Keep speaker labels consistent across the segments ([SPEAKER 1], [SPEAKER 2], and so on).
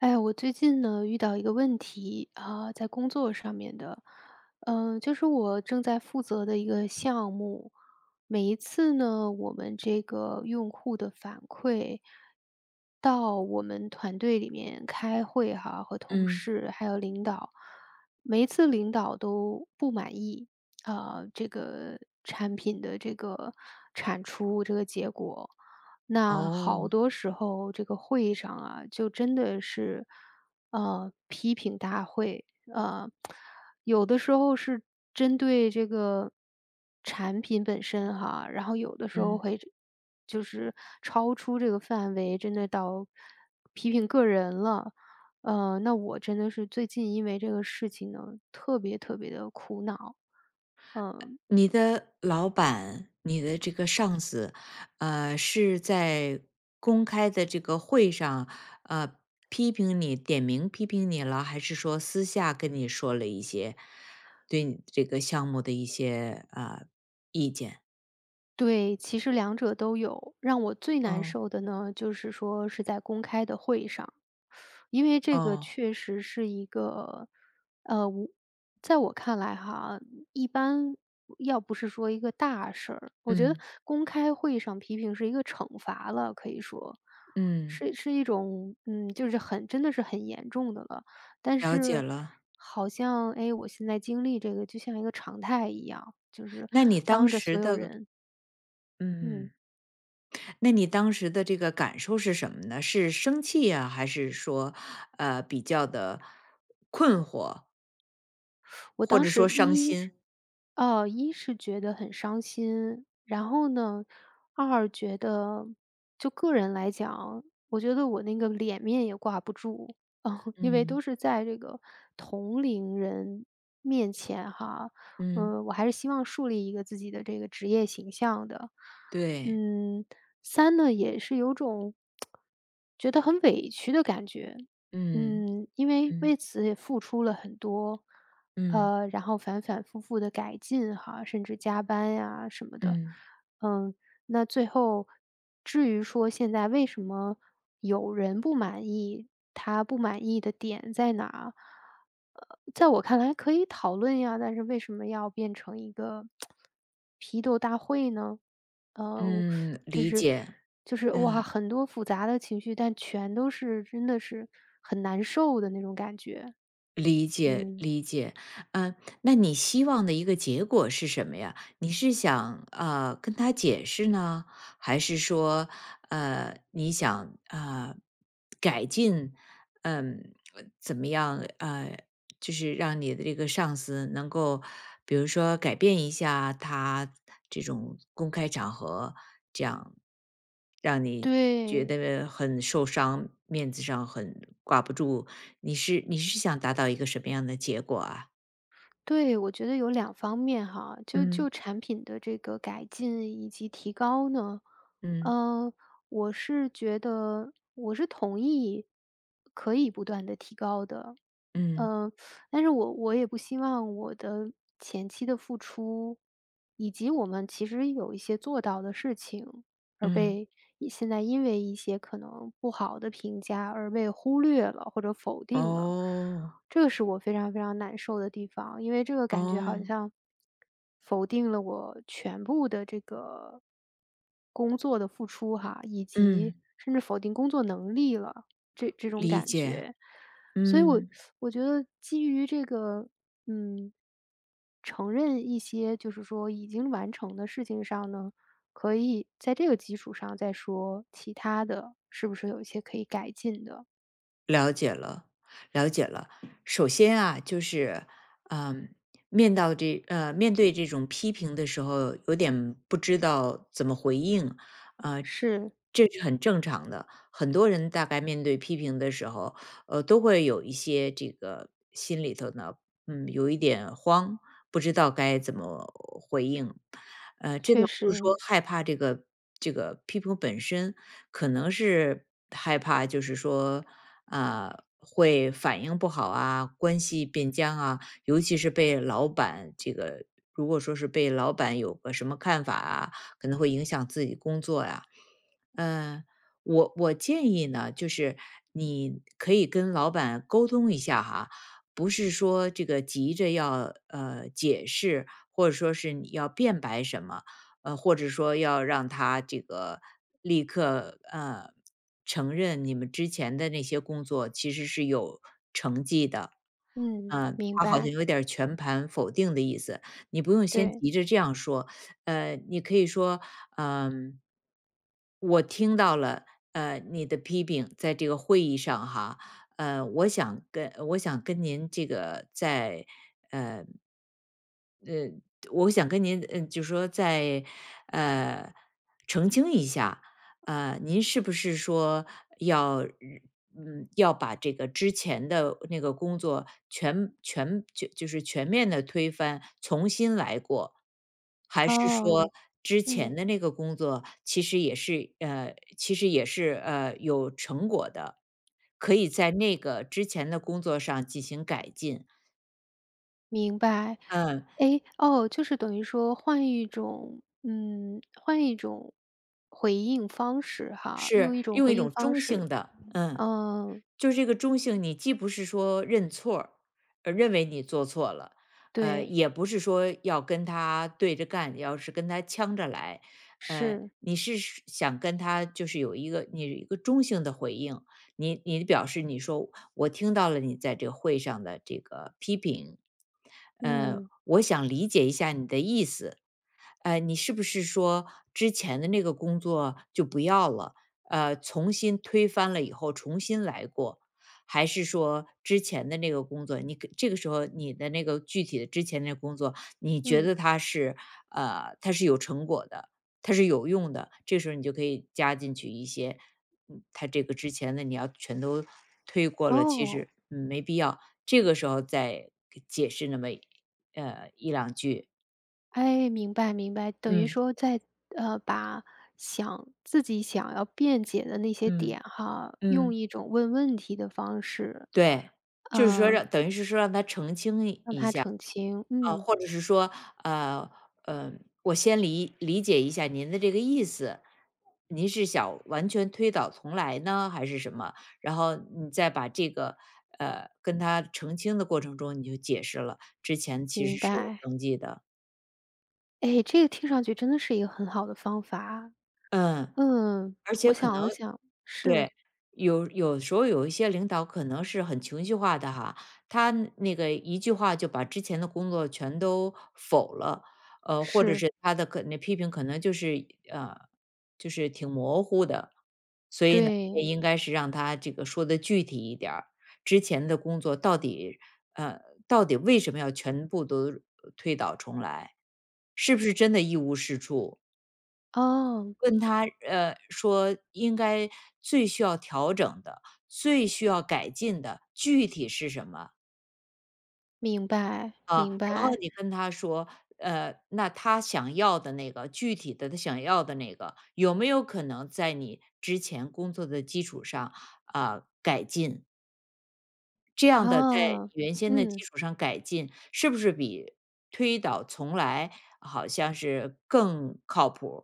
[SPEAKER 1] 哎，我最近呢，遇到一个问题，呃，在工作上面的。呃，就是我正在负责的一个项目，每一次呢，我们这个用户的反馈到我们团队里面开会哈，和同
[SPEAKER 2] 嗯。
[SPEAKER 1] 事还有领导，每一次领导都不满意，呃，这个产品的这个产出这个结果。那好
[SPEAKER 2] 哦。
[SPEAKER 1] 多时候这个会议上啊，就真的是，呃，批评大会。呃，有的时候是针对这个产品本身哈，然后有的时候
[SPEAKER 2] 嗯。
[SPEAKER 1] 会这就是超出这个范围，真的到批评个人了。呃，那我真的是最近因为这个事情呢，特别特别地苦恼，嗯。
[SPEAKER 2] 你的老板，你的这个上司，呃，是在公开的这个会上，呃，批评你点名批评你了？还是说私下跟你说了一些对你这个项目的一些，呃，意见？
[SPEAKER 1] 对，其实两者都有。让我最难
[SPEAKER 2] 嗯。
[SPEAKER 1] 受的呢，就是说是在公开的会议上。因为这个
[SPEAKER 2] 嗯。
[SPEAKER 1] 确实是一个，呃，我在我看来哈，一般要不是说一个大事儿我觉得
[SPEAKER 2] 嗯。
[SPEAKER 1] 公开会议上批评是一个惩罚了，可以说，
[SPEAKER 2] 嗯。
[SPEAKER 1] 是是一种，嗯，就是很真的是很严重的了。但
[SPEAKER 2] 了解
[SPEAKER 1] 是
[SPEAKER 2] 了。
[SPEAKER 1] 好像，哎，我现在经历这个就像一个常态一样，就是
[SPEAKER 2] 那你当
[SPEAKER 1] 当着所
[SPEAKER 2] 时
[SPEAKER 1] 有
[SPEAKER 2] 的
[SPEAKER 1] 人。嗯。
[SPEAKER 2] 嗯。那你当时的这个感受是什么呢？是生气啊，还是说，呃，比较地困惑？
[SPEAKER 1] 我
[SPEAKER 2] 或
[SPEAKER 1] 当
[SPEAKER 2] 者说
[SPEAKER 1] 时
[SPEAKER 2] 伤
[SPEAKER 1] 一是
[SPEAKER 2] 心？
[SPEAKER 1] 呃，一是觉得很伤心。然后呢，二觉得，就个人来讲，我觉得我那个脸面也挂不住，因为都
[SPEAKER 2] 嗯。
[SPEAKER 1] 是在这个同龄人面前哈。
[SPEAKER 2] 嗯。
[SPEAKER 1] 嗯，我还是希望树立一个自己的这个职业形象的。
[SPEAKER 2] 对。
[SPEAKER 1] 嗯，三呢，也是有种，觉得很委屈的感觉。
[SPEAKER 2] 嗯，
[SPEAKER 1] 嗯，因为，为
[SPEAKER 2] 嗯。
[SPEAKER 1] 此也付出了很多，
[SPEAKER 2] 嗯。
[SPEAKER 1] 呃，然后反反复复地改进哈，甚至加班呀什么的。
[SPEAKER 2] 嗯。
[SPEAKER 1] 嗯，那最后至于说现在为什么有人不满意，他不满意的点在哪，呃，在我看来可以讨论呀，但是为什么要变成一个 批斗大会呢？呃，
[SPEAKER 2] 嗯，
[SPEAKER 1] 只
[SPEAKER 2] 理
[SPEAKER 1] 是
[SPEAKER 2] 解，
[SPEAKER 1] 就是，
[SPEAKER 2] 嗯。
[SPEAKER 1] 哇，很多复杂的情绪，但全都是，真的是很难受的那种感觉。
[SPEAKER 2] 理解
[SPEAKER 1] 嗯。
[SPEAKER 2] 理解。嗯，那你希望的一个结果是什么呀？你是想，呃，跟他解释呢？还是说，呃，你想，啊，改进嗯，怎么样，啊，就是让你的这个上司能够比如说改变一下他这种公开场合这样，让你觉
[SPEAKER 1] 对。
[SPEAKER 2] 得很受伤，面子上很挂不住。你是你是想达到一个什么样的结果啊？
[SPEAKER 1] 对，我觉得有两方面哈，就
[SPEAKER 2] 嗯。
[SPEAKER 1] 就产品的这个改进以及提高呢，
[SPEAKER 2] 嗯。
[SPEAKER 1] 呃，我是觉得我是同意可以不断地提高的。
[SPEAKER 2] 嗯。
[SPEAKER 1] 呃，但是我我也不希望我的前期的付出，以及我们其实有一些做到的事情，而
[SPEAKER 2] 嗯。
[SPEAKER 1] 被一现在因为一些可能不好的评价，而被忽略了或者否定了。
[SPEAKER 2] 哦。
[SPEAKER 1] 这个是我非常非常难受的地方，因为这个感觉好
[SPEAKER 2] 哦。
[SPEAKER 1] 像，否定了我全部的这个工作的付出哈，以
[SPEAKER 2] 嗯。
[SPEAKER 1] 及甚至否定工作能力了，这这种
[SPEAKER 2] 理
[SPEAKER 1] 感
[SPEAKER 2] 解，
[SPEAKER 1] 觉。所以我
[SPEAKER 2] 嗯。
[SPEAKER 1] 我觉得基于这个，嗯，承认一些就是说已经完成的事情上呢，可以在这个基础上再说，其他的是不是有一些可以改进的。
[SPEAKER 2] 了解了了解了。首先啊，就是，嗯，面到这呃，面对这种批评的时候，有点不知道怎么回应，啊，
[SPEAKER 1] 是。
[SPEAKER 2] 这是很正常的。很多人大概面对批评的时候，呃，都会有一些这个心里头呢，嗯，有一点慌，不知道该怎么回应。呃，这个
[SPEAKER 1] 确
[SPEAKER 2] 不是说
[SPEAKER 1] 实。
[SPEAKER 2] 害怕这个这个批评本身，可能是害怕，就是说，啊，会反应不好啊，关系变僵啊，尤其是被老板这个如果说是被老板有个什么看法啊，可能会影响自己工作呀。呃，我我建议呢，就是，你可以跟老板沟通一下哈，不是说这个急着要，呃，解释，或者说是你要辩白什么，呃，或者说要让他这个立刻，呃，承认你们之前的那些工作其实是有成绩的，
[SPEAKER 1] 嗯，
[SPEAKER 2] 呃，
[SPEAKER 1] 明
[SPEAKER 2] 他好像
[SPEAKER 1] 白。
[SPEAKER 2] 有点儿全盘否定的意思，你不用先
[SPEAKER 1] 对。
[SPEAKER 2] 急着这样说。呃，你可以说：“嗯”“我听到了，呃，你的批评，在这个会议上哈。呃，我想跟我想跟您这个再，呃”“呃，我想跟您，呃，就说再，呃，澄清一下。呃，您是不是说，要嗯，要把这个之前的那个工作全全，就就是全面地推翻，重新来过？还是说
[SPEAKER 1] 哦，
[SPEAKER 2] 之
[SPEAKER 1] 嗯。
[SPEAKER 2] 前的那个工作其实也是呃，其实也是，呃，有成果的，可以在那个之前的工作上进行改进？”
[SPEAKER 1] 明白。
[SPEAKER 2] 嗯。
[SPEAKER 1] 哎，哦，就是等于说换一种嗯，换一种回应方式哈
[SPEAKER 2] 是，
[SPEAKER 1] 用一种
[SPEAKER 2] 用一
[SPEAKER 1] 回应
[SPEAKER 2] 种
[SPEAKER 1] 方
[SPEAKER 2] 中
[SPEAKER 1] 式，
[SPEAKER 2] 性的，嗯，
[SPEAKER 1] 嗯
[SPEAKER 2] 就这个中性你既不是说认错儿呃，认为你做错了，呃，
[SPEAKER 1] 对。
[SPEAKER 2] 也不是说要跟他对着干，你要是跟他呛着来。呃，
[SPEAKER 1] 是。
[SPEAKER 2] 你是是想跟他就是有一个你有一个中性的回应，你你表示你说：“我听到了你在这个会上的这个批评。嗯，
[SPEAKER 1] 嗯。
[SPEAKER 2] 我想理解一下你的意思，嗯，你是不是说，之前的那个工作就不要了，呃，从新推翻了以后重新来过？还是说之前的那个工作”你这个时候你的那个具体的之前的那工作，你觉
[SPEAKER 1] 嗯。
[SPEAKER 2] 得它是，呃，它是有成果的，它是有用的。这时候你就可以加进去一些，嗯，他这个之前的你要全都推过了，其
[SPEAKER 1] 哦。
[SPEAKER 2] 实没必要，这个时候再解释那么，呃，1-2句。
[SPEAKER 1] 哎，明白明白，等于
[SPEAKER 2] 嗯。
[SPEAKER 1] 说在呃，把想自己想要辩解的那些点
[SPEAKER 2] 嗯，
[SPEAKER 1] 哈，用
[SPEAKER 2] 嗯。
[SPEAKER 1] 一种问问题的方式，
[SPEAKER 2] 对，就是说
[SPEAKER 1] 嗯
[SPEAKER 2] 让等于是说让他澄清
[SPEAKER 1] 让
[SPEAKER 2] 一下。
[SPEAKER 1] 他澄清，
[SPEAKER 2] 嗯，
[SPEAKER 1] 嗯。
[SPEAKER 2] 或者是说，呃，呃，我先理理解一下您的这个意思，您是想完全推倒重来呢还是什么？然后你再把这个，呃，跟他澄清的过程中你就解释了，之前其
[SPEAKER 1] 明
[SPEAKER 2] 实是有
[SPEAKER 1] 白。
[SPEAKER 2] 登记的。
[SPEAKER 1] 哎，这个听上去真的是一个很好的方法啊。
[SPEAKER 2] 嗯，
[SPEAKER 1] 嗯，
[SPEAKER 2] 而
[SPEAKER 1] 我
[SPEAKER 2] 且可
[SPEAKER 1] 想
[SPEAKER 2] 能
[SPEAKER 1] 了想是。
[SPEAKER 2] 对，有有时候有一些领导可能是很情绪化的哈，他那个一句话就把之前的工作全都否了，呃，或者
[SPEAKER 1] 是。
[SPEAKER 2] 是他的可那批评可能就是，呃，就是挺模糊的。所以呢，也
[SPEAKER 1] 对。
[SPEAKER 2] 应该是让他这个说得具体一点儿，之前的工作到底呃，到底为什么要全部都推倒重来，是不是真的一无是处？
[SPEAKER 1] 哦。
[SPEAKER 2] 问他，呃，说应该最需要调整的，最需要改进的，具体是什么？
[SPEAKER 1] 明白，
[SPEAKER 2] 啊，
[SPEAKER 1] 明
[SPEAKER 2] 然后
[SPEAKER 1] 白。
[SPEAKER 2] 你跟他说，呃，那他想要的那个具体的他想要的那个，有没有可能在你之前工作的基础上，啊，改进？这样的在
[SPEAKER 1] 哦，
[SPEAKER 2] 原先的基
[SPEAKER 1] 嗯。
[SPEAKER 2] 础上改进，是不是比推倒重来好像是更靠谱儿？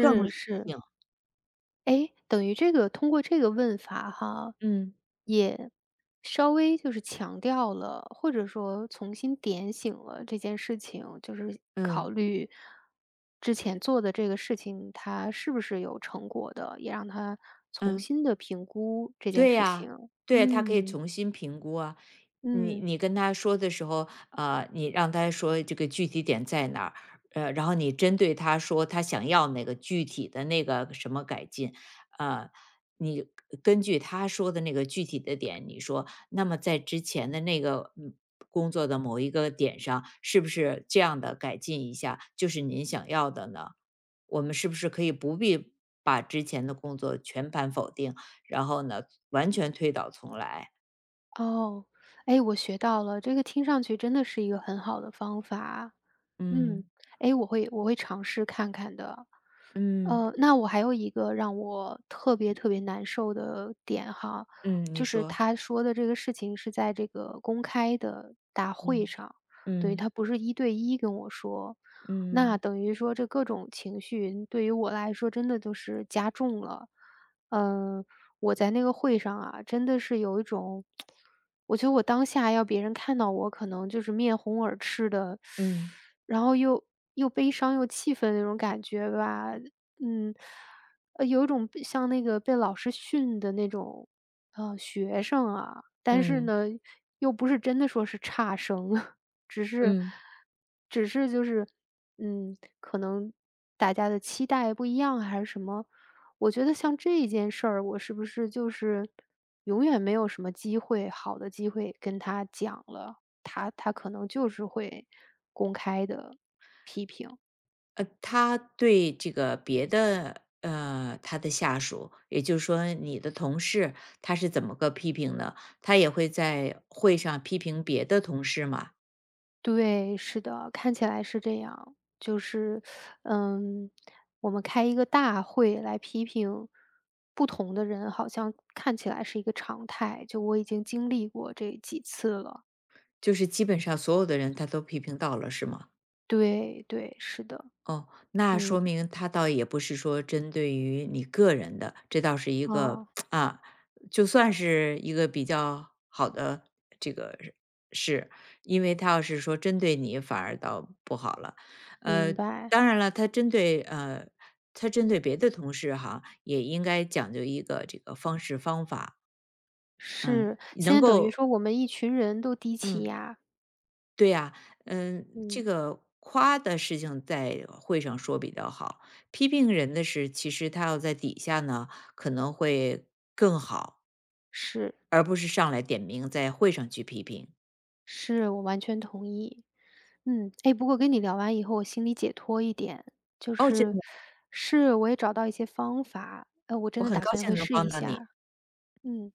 [SPEAKER 2] 更理
[SPEAKER 1] 是。
[SPEAKER 2] 性？
[SPEAKER 1] 哎，等于这个通过这个问法哈，
[SPEAKER 2] 嗯。
[SPEAKER 1] 也稍微就是强调了，或者说重新点醒了这件事情。就是
[SPEAKER 2] 嗯。
[SPEAKER 1] 考虑之前做的这个事情，它是不是有成果的，也让他重
[SPEAKER 2] 嗯。
[SPEAKER 1] 新地评估这件
[SPEAKER 2] 对
[SPEAKER 1] 事情，
[SPEAKER 2] 呀，对，他可以
[SPEAKER 1] 嗯。
[SPEAKER 2] 重新评估啊。你
[SPEAKER 1] 嗯。
[SPEAKER 2] 你跟他说的时候，呃，你让他说这个具体点在哪儿，呃，然后你针对他说他想要那个具体的那个什么改进。呃，你根据他说的那个具体的点，你说，那么在之前的那个工作的某一个点上，是不是这样地改进一下，就是您想要的呢？我们是不是可以不必把之前的工作全盘否定，然后呢，完全推倒重来？
[SPEAKER 1] 哦。哎，我学到了，这个听上去真的是一个很好的方法，嗯。
[SPEAKER 2] 嗯。
[SPEAKER 1] 诶，我会我会尝试看看的。
[SPEAKER 2] 嗯。
[SPEAKER 1] 呃，那我还有一个让我特别特别难受的点哈，
[SPEAKER 2] 嗯，你
[SPEAKER 1] 就是
[SPEAKER 2] 说。
[SPEAKER 1] 他说的这个事情是在这个公开的大会
[SPEAKER 2] 嗯，
[SPEAKER 1] 上，对，
[SPEAKER 2] 嗯。
[SPEAKER 1] 他不是一对一跟我说，
[SPEAKER 2] 嗯。
[SPEAKER 1] 那等于说这各种情绪，嗯，对于我来说真的都是加重了。呃，我在那个会上啊，真的是有一种，我觉得我当下要别人看到我可能就是面红耳赤的，
[SPEAKER 2] 嗯。
[SPEAKER 1] 然后又又悲伤又气愤那种感觉吧。嗯，呃，有一种像那个被老师训的那种，呃，学生啊。但是
[SPEAKER 2] 嗯。
[SPEAKER 1] 呢，又不是真的说是差生，只是
[SPEAKER 2] 嗯。
[SPEAKER 1] 只是就是，嗯，可能大家的期待不一样还是什么？我觉得像这一件事儿，我是不是就是永远没有什么机会好的机会跟他讲了，他他可能就是会公开地批评？
[SPEAKER 2] 呃，他对这个别的，呃，他的下属，也就是说你的同事，他是怎么个批评的？他也会在会上批评别的同事吗？
[SPEAKER 1] 对，是的，看起来是这样。就是，嗯，我们开一个大会来批评不同的人，好像看起来是一个常态，就我已经经历过这几次了。
[SPEAKER 2] 就是基本上所有的人他都批评到了，是吗？
[SPEAKER 1] 对对，是的。
[SPEAKER 2] 哦，那说
[SPEAKER 1] 嗯。
[SPEAKER 2] 明他倒也不是说针对于你个人的，这倒是一个
[SPEAKER 1] 哦。
[SPEAKER 2] 啊，就算是一个比较好的这个事。因为他要是说针对你，反而倒不好了。
[SPEAKER 1] 明
[SPEAKER 2] 呃，
[SPEAKER 1] 白。
[SPEAKER 2] 当然了，他针对呃，他针对别的同事哈，也应该讲究一个这个方式方法。嗯，
[SPEAKER 1] 是，现
[SPEAKER 2] 能
[SPEAKER 1] 在等于
[SPEAKER 2] 够
[SPEAKER 1] 说我们一群人都低气
[SPEAKER 2] 嗯。
[SPEAKER 1] 压。
[SPEAKER 2] 对呀，嗯，这
[SPEAKER 1] 嗯。
[SPEAKER 2] 个夸的事情在会上说比较好，批评人的事其实他要在底下呢，可能会更好。
[SPEAKER 1] 是。
[SPEAKER 2] 而不是上来点名在会上去批评。
[SPEAKER 1] 是，我完全同意。嗯，哎，不过我跟你聊完以后，我心里解脱一点，就
[SPEAKER 2] 哦，真
[SPEAKER 1] 是
[SPEAKER 2] 的？
[SPEAKER 1] 是，我也找到一些方法，呃，我真
[SPEAKER 2] 我
[SPEAKER 1] 的
[SPEAKER 2] 很
[SPEAKER 1] 打
[SPEAKER 2] 高
[SPEAKER 1] 算
[SPEAKER 2] 兴
[SPEAKER 1] 会
[SPEAKER 2] 能
[SPEAKER 1] 试
[SPEAKER 2] 帮
[SPEAKER 1] 一
[SPEAKER 2] 到你。
[SPEAKER 1] 下。嗯。